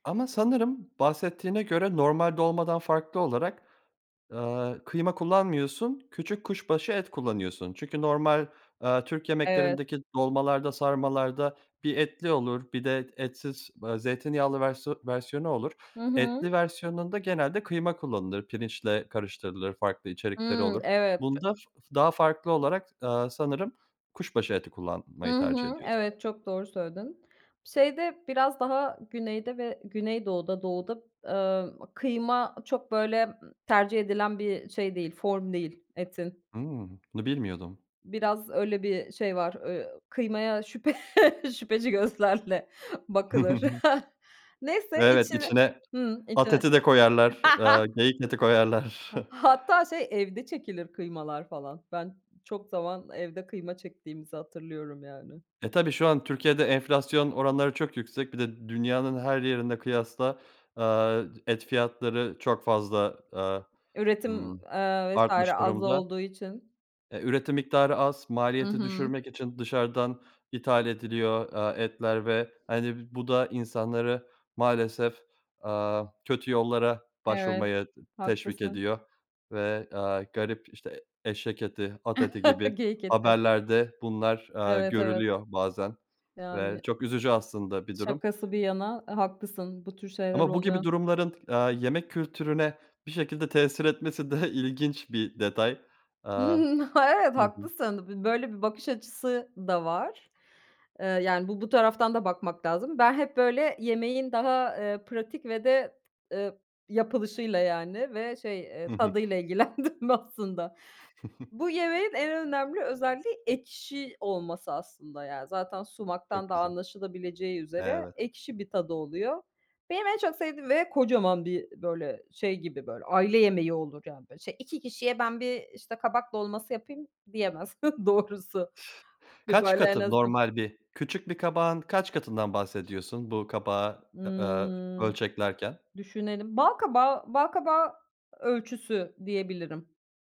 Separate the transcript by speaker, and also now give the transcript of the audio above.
Speaker 1: Ama sanırım bahsettiğine göre normal dolmadan farklı olarak, aaa, kıyma kullanmıyorsun, küçük kuşbaşı et kullanıyorsun. Çünkü normal, aaa, Türk
Speaker 2: Evet.
Speaker 1: yemeklerindeki dolmalarda sarmalarda bir etli olur, bir de etsiz, eee, zeytinyağlı versiyon versiyonu olur.
Speaker 2: Hı hı.
Speaker 1: Etli versiyonunda genelde kıyma kullanılır, pirinçle karıştırılır farklı içerikleri
Speaker 2: Hımm.
Speaker 1: olur
Speaker 2: Evet.
Speaker 1: bunda f daha farklı olarak, aaa, sanırım kuşbaşı eti
Speaker 2: Hı
Speaker 1: kullanmayı tercih
Speaker 2: hı.
Speaker 1: ediyorsun.
Speaker 2: Evet, çok doğru söyledin. Şeyde biraz daha Güney'de ve Güneydoğu'da, Doğu'da, eee, kıyma çok, böyle, tercih edilen bir şey değil, form değil, etin.
Speaker 1: Hımm. Bunu bilmiyordum.
Speaker 2: Biraz, öyle, bir şey var, eee, kıymaya şüphe şüpheci gözlerle bakılır. Neyse,
Speaker 1: Evet,
Speaker 2: içine
Speaker 1: içine
Speaker 2: Hımm,
Speaker 1: at
Speaker 2: içine.
Speaker 1: eti de koyarlar, aaa, geyik eti koyarlar.
Speaker 2: Ha hatta, şey, evde çekilir kıymalar, falan. Ben, çok zaman evde kıyma çektiğimizi hatırlıyorum, yani.
Speaker 1: E, tabii şu an Türkiye'de enflasyon oranları çok yüksek. Bir de dünyanın her yerine kıyasla, eee, et fiyatları çok fazla, aaa,
Speaker 2: Üretim,
Speaker 1: ımm,
Speaker 2: aaa, vs.
Speaker 1: artmış
Speaker 2: az
Speaker 1: durumda.
Speaker 2: olduğu için.
Speaker 1: E, üretim miktarı az,
Speaker 2: Hı
Speaker 1: maliyeti
Speaker 2: hı.
Speaker 1: düşürmek için dışarıdan ithal ediliyor, aaa, etler ve hani bu da insanları maalesef, aaa, kötü yollara
Speaker 2: Evet,
Speaker 1: başvurmaya teşvik
Speaker 2: haklısın.
Speaker 1: ediyor ve, aaa, garip işte, eşek eti, at eti gibi
Speaker 2: Geyik eti.
Speaker 1: haberlerde bunlar, aaa,
Speaker 2: Evet, evet.
Speaker 1: görülüyor bazen ve
Speaker 2: Yani.
Speaker 1: çok üzücü aslında bir durum.
Speaker 2: Şakası bir yana, aaa, haklısın, bu tür şeyler
Speaker 1: Ama bu gibi
Speaker 2: oluyor.
Speaker 1: durumların, aaa, yemek kültürüne bir şekilde tesir etmesi de ilginç bir detay. Aaa,
Speaker 2: Hımm, ha, evet,
Speaker 1: hı hı.
Speaker 2: haklısın, b böyle bir bakış açısı da var. Eee, yani, bu bu, taraftan da bakmak lazım. Ben hep böyle yemeğin daha, eee, pratik ve de, ııı, yapılışıyla, yani, ve, şey, eee,
Speaker 1: Hı hı.
Speaker 2: tadıyla ilgilendim aslında. Bu yemeğin en önemli özelliği ekşi olması aslında. Ya zaten sumaktan
Speaker 1: Çok
Speaker 2: da
Speaker 1: güzel.
Speaker 2: anlaşılabileceği üzere
Speaker 1: Evet.
Speaker 2: ekşi bir tadı oluyor. Benim en çok sevdiğim ve kocaman bir böyle, şey gibi böyle, aile yemeği olur, yani. Şey 2 kişiye ben bir, işte, kabak dolması yapayım, diyemez doğrusu. Bir
Speaker 1: Kaç
Speaker 2: böyle en
Speaker 1: katı,
Speaker 2: azın
Speaker 1: normal bir küçük bir kabağın kaç katından bahsediyorsun, bu kabağı, eee,
Speaker 2: Imm.
Speaker 1: ölçeklerken?
Speaker 2: Düşünelim. Balkabağı balkabağı ölçüsü diyebilirim.